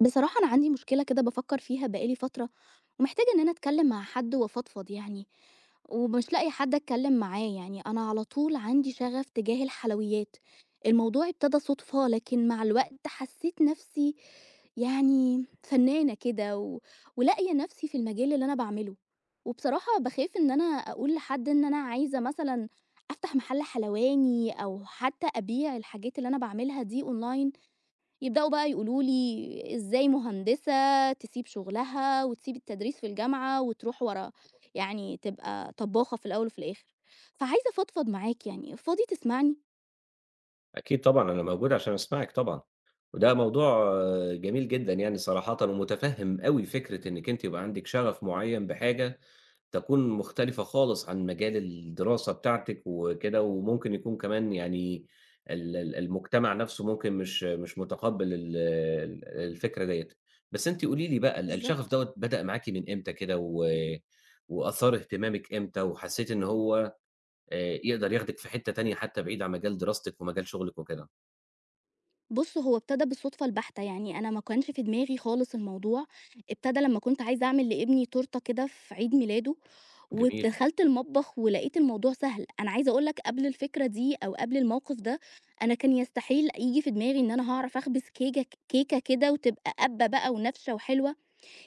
بصراحة أنا عندي مشكلة كده بافكّر فيها بقى لي فترة ومحتاجة إن أنا اتكلِّم مع حد وافضفض يعني، ومش لاقية حد أتكلِّم معاه، يعني أنا على طول عندي شَغَف تجاه الحلويات، الموضوع ابتدى صُدفة لكن مع الوقت حسّيت نَفْسي يعني فنّانة كده و ولاقية نَفْسي في المجال اللي أنا باعمله، وبصراحة باخاف إن أنا أقول لحد إن أنا عايزة مثلًا أفتح مَحَل حلواني أو حتّى أبيع الحاجات اللي أنا باعملها دي online، يبدؤوا بقى يقولوا لي: "إزاي مهندسة تسيب شُغلها وتسيب التدريس في الجامعة وتروح ورا يعني تبقى طبّاخة في الأول وفي الآخر." فعايزة أفضفض معاك يعني، فاضي تسمعني؟ أكيد طبعًا، أنا موجود عشان أسمعِك طبعًا، وده موضوع جميل جدًا يعني صراحةً ومُتفهِّم أوي فكرة إنِّك أنتِ يبقى عندِك شَغَف معيّن بحاجة تكون مختلفة خالص عن مجال الدراسة بتاعتِك وكده وممكن يكون كمان يعني ال ال المجتمع نَفْسه ممكن مش مش مُتقبِّل ال ال الفكرة دِيّة، بس أنتِ قولي لي بقى ال الشغف بالضبط. دوّة بدأ معاكِ من إمتى كده و وأثار اهتمامِك إمتى وحسّيتِ إن هو آآ يقدر ياخدِك في حتّة تانية حتى بعيد عن مجال دراستِك ومجال شُغلِك وكده؟ بُصّ، هو ابتدى بالصدفة البحتة، يعني أنا ما كانش في دماغي خالص الموضوع. ابتدى لمّا كنت عايزة أعمل لابني تورتة كده في عيد ميلاده، جميل. ودخلت المطبخ ولقيت الموضوع سهل. أنا عايزة أقول لك قبل الفكرة دي أو قبل الموقف ده، أنا كان يستحيل ييجي في دماغي إن أنا هاعرف أخبز كيكة كيكة كده وتبقى قابّة بقى ونافشة وحلوة.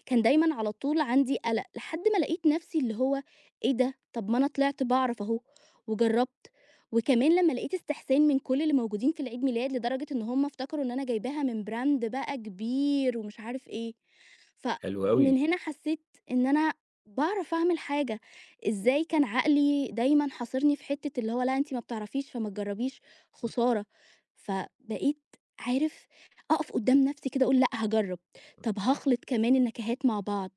كان دايمًا على طول عندي قلق، لحد ما لقيت نفْسي اللي هو إيه ده؟ طب ما أنا طلعت باعرف أهو، وجربت. وكمان لما لقيت استحسان من كل اللي موجودين في العيد ميلاد لدرجة إن هم افتكروا إن أنا جايباها من brand بقى كبير، ومش عارف إيه. ف حلو من أوي. هنا حسيت إن أنا باعرف أعمل حاجة. إزاي كان عقلي دايمًا حاصرني في حتّة اللي هو لا أنتِ ما بتعرفيش فمتجربيش خسارة. فبقيت عارف، أقف قدام نفْسي كده أقول: "لأ، هاجرب، طَب هاخلط كمان النكهات مع بعض".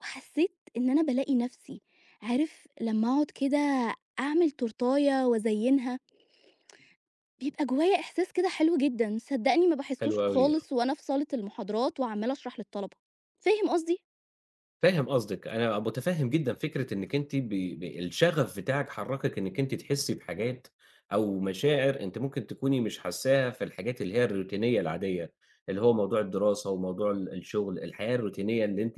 وحسيت إن أنا بالاقي نفْسي. عارف لما أقعد كده أعمل تورتاية وأزينها بيبقى جوايا إحساس كده حلو جدًا، صدقني ما حلو باحسهوش أوي، آه. خالص وأنا في صالة المحاضرات، وعمّالة أشرح للطلبة. فاهم قصدي؟ فاهم قصدِك. أنا مُتفهِّم جدًا فكرة أنِّك أنتِ ب ب الشَغَف بتاعِك حرّكِك إنِّك أنتِ تحسّي بحاجات أو مشاعر أنتِ ممكن تكوني مش حاسّاها في الحاجات اللي هي الروتينية العادية، اللي هو موضوع الدراسة وموضوع ال الشُغل، الحياة الروتينية اللي أنتِ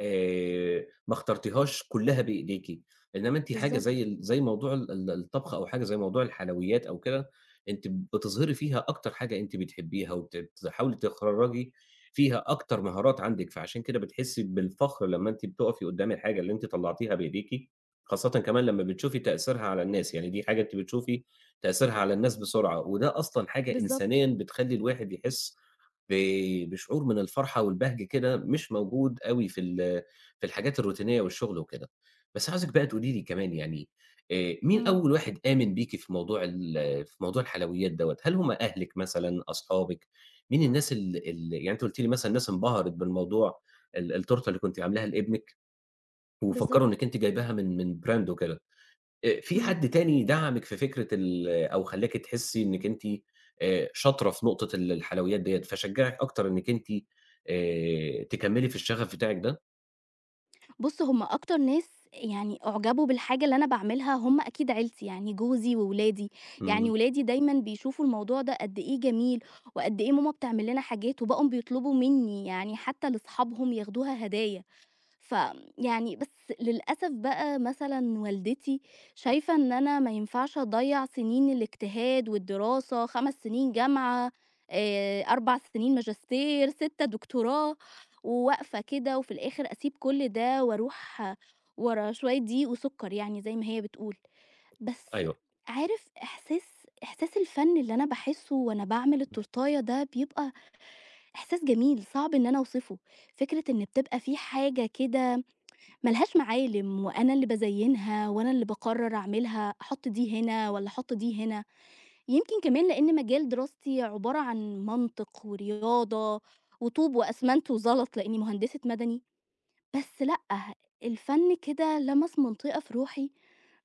آآ ما اخترتيهاش كُلّها بإيديكِ، إنّما أنتِ حاجة زي بالضبط. ال زي موضوع ال الطبخ أو حاجة زي موضوع الحلويات أو كده، أنتِ بتظهري فيها أكتر حاجة أنتِ بتحبّيها وت بتحاولي تخرّجي فيها أكتر مهارات عندِك، فعشان كده بتحسّي بالفخر لمّا أنتِ بتُقفي قُدّام الحاجة اللي أنتِ طلّعتيها بإيديكِ، خاصةً كمان لمّا بتشوفي تأثيرها على الناس. يعني دي حاجة أنتِ بتشوفي تأثيرها على الناس بسرعة وده أصلًا حاجة بالضبط. إنسانيًا بتخلّي الواحد يحس ب بشعور من الفرحة والبهجة كده مش موجود أوي في ال في الحاجات الروتينية والشُغل وكده. بس عاوزِك بقى تقولي لي كمان يعني، آآ مين إمم. أول واحد آمن بيكِ في موضوع ال في موضوع الحلويات دوّة؟ هل هم أهلِك مثلًا، أصحابِك؟ مين الناس ال ال يعني أنتِ قُلتِ لي مثلًا الناس انبهرِت بالموضوع ال التورتة اللي كنتِ عاملاها لابنِك وفكّروا بالضبط. إنّك أنتِ جايباها من من brand وكده، آآ فيه إمم. حد تاني دَعَمِك في فكرة ال أو خلّاكِ تحسّي إنِّك أنتِ آآ شاطرة في نقطة ال الحلويات ديّة، فشجّعِك أكتر إنِّك أنتِ آآ تكمِّلي في الشَغَف بتاعِك ده؟ بُص، هم أكتر ناس يعني أعجبوا بالحاجة اللي أنا باعملها هم أكيد عيلتي، يعني جوزي وولادي. يعني إمم. ولادي دايمًا بيشوفوا الموضوع ده قد إيه جميل وقد إيه ماما بتعمل لنا حاجات، وبقوا بيطلبوا منّي يعني حتّى لأصحابهم ياخدوها هدايا. ف يعني بس للأسف بقى مثلًا والدتي شايفة إن أنا ما ينفعش أضيّع سِنين الاجتهاد والدراسة، 5 سِنين جامعة، آآ 4 سِنين ماجستير، 6 دكتوراه، وواقفة كده وفي الآخِر أسيب كل ده وأروح ورا شوية دقيق وسُكّر يعني زي ما هي بتقول. بس أيوه. عارف إحساس إحساس الفَن اللي أنا باحسّه وأنا باعمل التورتاية ده بيبقى إحساس جميل، صعب إن أنا أوصفه. فكرة إن بتبقى في حاجة كده ما لهاش معالِم وأنا اللي بازيّنها وأنا اللي باقرّر أعملها، أحُط دي هنا والّا أحُط دي هنا. يمكن كمان لإن مجال دراستي عبارة عن منطق ورياضة وطوب وأسمنت وزلط لإنّي مهندسة مَدني، بس لأ، الفَن كده لَمَس منطقة في روحي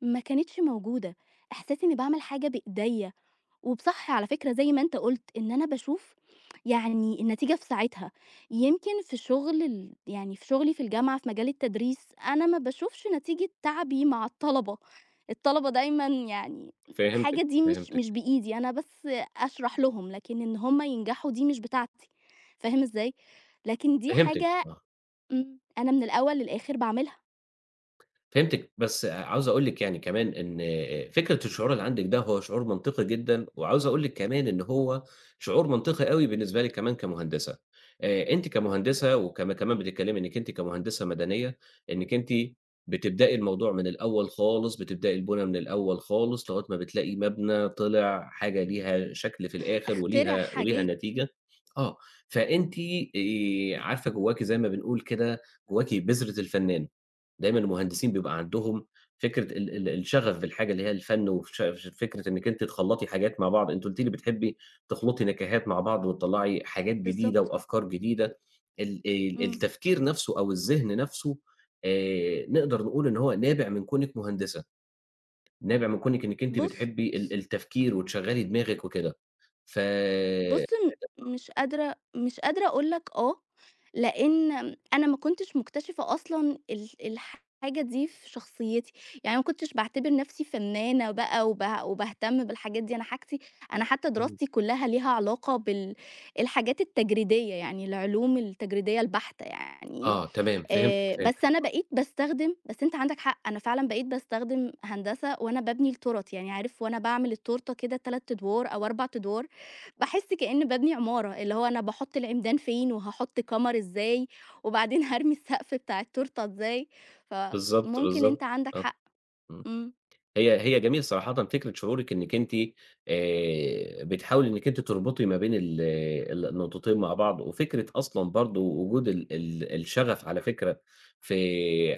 ما كانتش موجودة. إحساسي إنّي باعمل حاجة بإيديا وب صح على فكرة زي ما أنت قُلت، إن أنا باشوف يعني النتيجة في ساعتها. يمكن في شُغل ال يعني في شُغلي في الجامعة في مجال التدريس، أنا ما باشوفش نتيجة تعبي مع الطلبة. الطلبة دايمًا يعني حاجة فهمتِك، دي مش مش فهمتِك. بإيدي، أنا بس أشرح لهم، لكن إن هم ينجحوا دي مش بتاعتي، فاهم إزاي؟ لكن دي فهمتِك، حاجة آه. امم أنا من الأول للآخِر باعملها. فهمتِك بس عاوز أقول لِك يعني كمان إن آآ فكرة الشعور اللي عندِك ده هو شعور منطقي جدًا، وعاوز أقول لِك كمان إن هو شعور منطقي أوي بالنسبة لِك كمان كمهندسة. آآ أنتِ كمهندسة وكم كمان بتتكلمي إنِّك أنتِ كمهندسة مدنية، إنِّك أنتِ بتبدئي الموضوع من الأول خالص، بتبدئي البُنا من الأول خالص لغاية ما بتلاقي مَبْنَى طلّع حاجة ليها شكل في الآخر أخترع وليها، وليها حاجات. نتيجة آه. فأنتِ آآ عارفة جوّاكِ زي ما بنقول كده، جوّاكِ بذرة الفنان، دايمًا المهندسين بيبقى عندهم فكرة ال ال الشغف بالحاجة اللي هي الفن، وفش فكرة إنِّك أنتِ تخلّطي حاجات مع بعض، أنتِ قُلتِ لي بتحبي تخلطي نكهات مع بعض، وتطلّعي حاجات جديدة، بالضبط. وأفكار جديدة، ال ال إمم. التفكير نَفْسه أو الذِهن نَفْسه آآ نقدر نقول إن هو نابع من كونِك مهندسة، نابع من كونِك إنِّك أنتِ بُص بتحبي ال ص التفكير وتشغّلي دماغِك وكده. ف بُص م [unintelligible] مش قادرة مش قادرة أقول لك آه، لإن م أنا ما كنتش مكتشفة أصلًا ال الحاجة دي في شخصيتي يعني ما كنتش باعتبر نَفْسي فنانة بقى، وبع وباهتم بالحاجات دي. أنا حاجتي أنا حتى امم. دراستي كلّها ليها علاقة بال الحاجات التجريدية، يعني العلوم التجريدية البحتة يعني آه، تمام فهمتِك، آآ. بس فهمتِك أنا آه. بقيت باستخدم بس أنت عندك حق، أنا فعلًا بقيت باستخدم هندسة وأنا بابني التورت. يعني عارف وأنا باعمل التورتة كده 3 أدوار أو 4 أدوار، باحس كإنّي بابني عمارة، اللي هو أنا باحط العمدان فين، وهاحط كَمَر إزاي، وبعدين هارمي السقف بتاع التورتة إزاي، بالضبط، فممكن أنت بالضبط عندك آه حق. إمم إمم. هي هي جميل صراحةً فكرة شعورِك إنِّك أنتِ آآ بتحاولي إنِّك أنتِ تربطي ما بين ال ال النقطتين مع بعض، وفكرة أصلًا برضه وجود ال ال الشغف، على فكرة، ف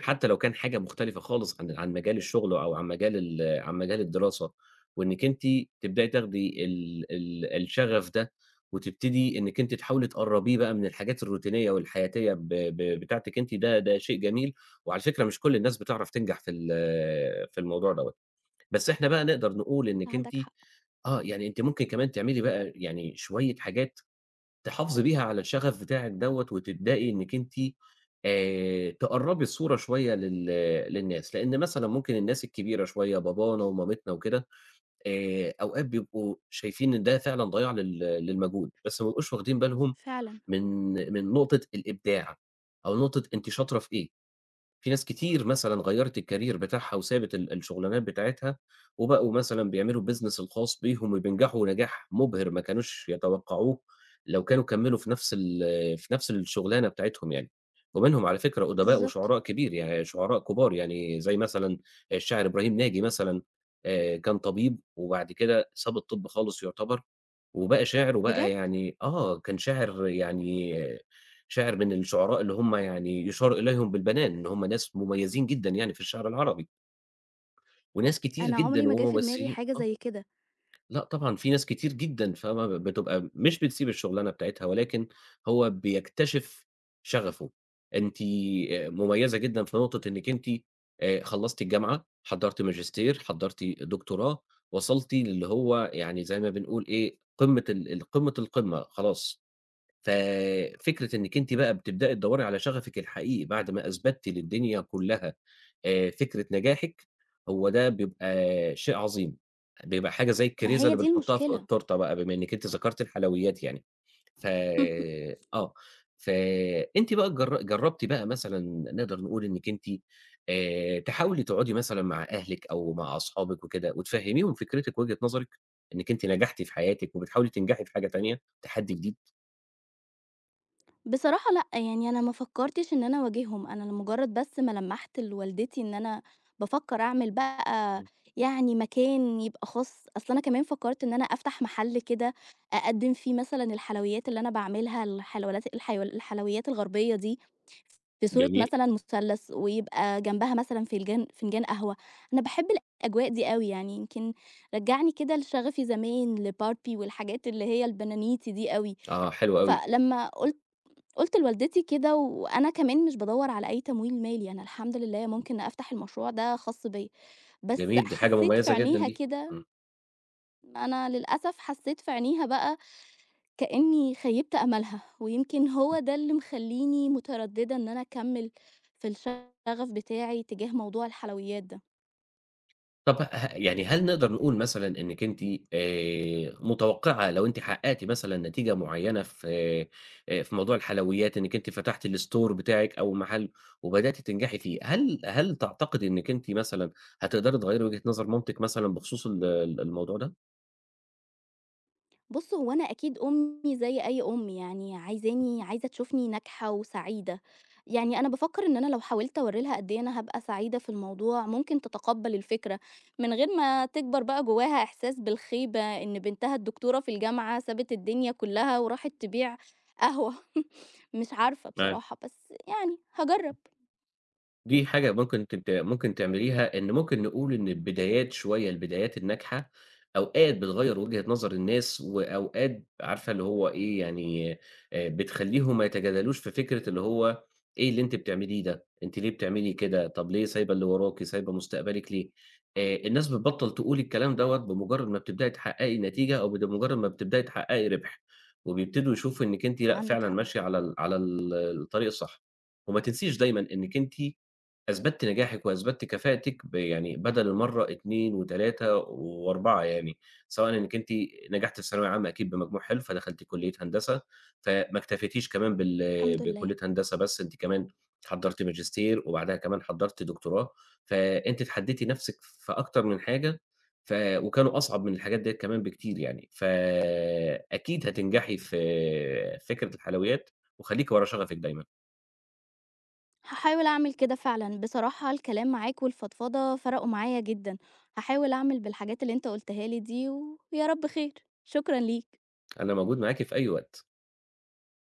حتى لو كان حاجة مختلفة خالص عن عن مجال الشُغل، أو عن مجال ال عن مجال الدراسة، وإنِّك أنتِ تبدئي تاخدي ال ال الشغف ده، وتبتدي إنِّك أنتِ تحاولي تقربيه بقى من الحاجات الروتينية والحياتية ب ب بتاعتِك، أنتِ ده ده شيء جميل، وعلى فكرة مش كل الناس بتعرف تنجح في ال في الموضوع دَوّة. بس إحنا بقى نقدر نقول إنِّك أنتِ عندك حق. آه يعني أنتِ ممكن كمان تعملي بقى يعني شوية حاجات تحافظي بيها على الشغف بتاعِك دَوّة، وتبدأي إنِّك أنتِ آآ تقرّبي الصورة شوية لل للناس، لإن مثلًا ممكن الناس الكبيرة شوية، بابانا ومامتنا وكده، آآ أوقات بيبقوا شايفين إن ده فعلًا ضَياع لل للمجهود، بس ما بيبقوش واخدين بالهم فعلًا. من من نقطة الإبداع أو نقطة أنتِ شاطرة في إيه. في ناس كتير مثلًا غيّرت الcareer بتاعها، وسابت ال الشُغلانات بتاعتها، وبقوا مثلًا بيعملوا الbusiness الخاص بيهم، وبينجحوا نجاح مُبهر، ما كانوش يتوقعوه لو كانوا كمّلوا في نَفْس ال في نَفْس الشُغلانة بتاعتهم يعني. ومنهم على فكرة أُدباء بالضبط. وشُعراء كبير يعني شُعراء كُبار، يعني زي مثلًا الشاعر إبراهيم ناجي مثلًا، آآ كان طبيب، وبعد كده ساب الطِب خالص يعتبر، وبقى شاعر، وبقى بجد؟! يعني آه كان شاعر، يعني شاعر من الشُعراء اللي هُم يعني يُشار إليهم بالبنان، إن هُم ناس مُميزين جدًا يعني في الشعر العربي. وناس كتير أنا عُمري جدًا ما جِه في دماغي وممثلين حاجة آه. زي كده. لأ، طبعًا في ناس كتير جدًا فاهمة ب بتبقى م مش بتسيب الشُغلانة بتاعتها، ولكن هو بيكتشف شغفه. أنتِ آآ مُميّزة جدًا في نقطة إنِّك أنتِ آآ خلّصتِ الجامعة، حضّرتِ ماجستير، حضّرتِ دكتوراه، وصلتِ للّي هو يعني زي ما بنقول إيه قمّة ال ال قمّة، القمّة خلاص. ف فكرة إنِّك أنتِ بقى بتبدئي تدوّري على شغفِك الحقيقي بعد ما أثبتِّ للدنيا كلّها آآ فكرة نجاحِك، هو ده بيبقى شيء عظيم، بيبقى حاجة زي ما الكريزة هي اللي دي بنحطها في المشكلة. التورتة بقى، بما إنِّك أنتِ ذكرتِ الحلويات يعني، ف آه. فأنتِ بقى جر جرّبتِ بقى مثلًا نقدر نقول إنِّك أنتِ آآ تحاولي تقعُدي مثلًا مع أهلِك أو مع أصحابِك وكده، وتفهميهم فكرتِك ووجهة نظرِك، إنِّك أنتِ نجحتِ في حياتِك، وبتحاولي تنجحي في حاجة تانية، تحدّي جديد؟ بصراحة لأ، يعني أنا ما فكّرتش إن أنا أواجههم، أنا لمُجّرد بس ما لمَّحت لوالدتي إن أنا بافكّر أعمل بقى إمم. يعني مكان يبقى خاص، أصل أنا كمان فكّرت إن أنا أفتح مَحَل كده أقدِّم فيه مثلًا الحلويات اللي أنا باعملها، الحلويات الحيول الحلويات الغربية دي في صورة جميل. مثلًا مُثَلَّث ويبقى جنبها مثلًا فنجان- فنجان قهوة. أنا باحب الأجواء دي أوي، يعني يمكن رجّعني كده لشَغَفي زمان لBarbie والحاجات اللي هي البنانيتي دي أوي. آه، حلو أوي. فلما قُلت قُلت لوالدتي كده وأنا كمان مش بادوّر على أي تمويل مالي، أنا الحمد لله ممكن أفتح المشروع ده خاص بيّا. بس جميل، دي حاجة حسّيت في مميزة جدًا عينيها دي. آه. كده أنا للأسف حسّيت في عينيها بقى كإنّي خيِّبت آمالها، ويمكن هو ده اللي مخلّيني مُتردِّدة إن أنا أكمِّل في الشَغَف بتاعي تجاه موضوع الحلويات ده. طَب ه يعني هل نقدر نقول مثلًا إنّكِ أنتِ آآ متوقِّعة لو أنتِ حقّقتِ مثلًا نتيجة معيّنة في آآ في موضوع الحلويات إنّكِ أنتِ فتحتِ الstore بتاعِك أو مَحَل وبدأتِ تنجحي فيه، هل هل تعتقدي إنّكِ أنتِ مثلًا هتقدري تغيّري وجهة نظر مامتِك مثلًا بخصوص ال الموضوع ده؟ بُص، هو أنا أكيد أمّي زي أي أم يعني عايزاني عايزة تشوفني ناجحة وسعيدة. يعني أنا بافكّر إن أنا لو حاولت أورّي لها قد إيه أنا هابقى سعيدة في الموضوع، ممكن تتقبَّل الفكرة من غير ما تكبر بقى جوّاها إحساس بالخيبة إن بنتها الدكتورة في الجامعة سابت الدنيا كُلّها وراحت تبيع قهوة. مش عارفة بصراحة، بس يعني هاجرّب. [unintelligible] دي حاجة ممكن أنتِ ت ممكن تعمليها، إن ممكن نقول إن البدايات شوية البدايات الناجحة، أوقات بتغيّر وجهة نظر الناس وأوقات عارفة اللي هو إيه، يعني آآ بتخلّيهم ما يتجادلوش في فكرة اللي هو إيه اللي أنتِ بتعمليه ده؟ أنتِ ليه بتعملي كده؟ طَب ليه سايبة اللي وراكِ، سايبة مستقبلِك ليه؟ آآ الناس بتبطّل تقول الكلام دوّة بمُجرّد ما بتبدئي تحقّقي نتيجة أو بد مُجرّد ما بتبدئي تحقّقي رِبْح. وبيبتدوا يشوفوا إنِّك أنتِ لأ عندك فعلًا حق. ماشية على ال على ال الطريق الصح. وما تنسيش دايمًا إنِّك أنتِ أثبتِّ نجاحِك وأثبتِّ كفاءتِك ب يعني بَدَل المرّة 2 و3 و4 يعني، سواءً إنِّك أنتِ نجحتِ في الثانوية العامة أكيد بمجموع حلو فدخلتِ كُلّية هندسة، فما اكتفيتيش كمان بال الحمد لله. بكُلّية هندسة بس، أنتِ كمان حضّرتِ ماجستير، وبعدها كمان حضّرتِ دكتوراه، فأنتِ اتحدّيتِ نَفْسِك في أكتر من حاجة، ف وكانوا أصعب من الحاجات ديّة كمان بكتير يعني. ف أكيد هتنجحي في فكرة الحلويات وخلّيكِ ورا شَغَفِك دايمًا. هاحاول أعمل كده فعلًا. بصراحة الكلام معاك والفضفضة فرقوا معايا جدًا. هاحاول أعمل بالحاجات اللي أنت قُلتها لي دي ويا رب خير، شكرًا ليك. أنا موجود معاكِ في أي وقت.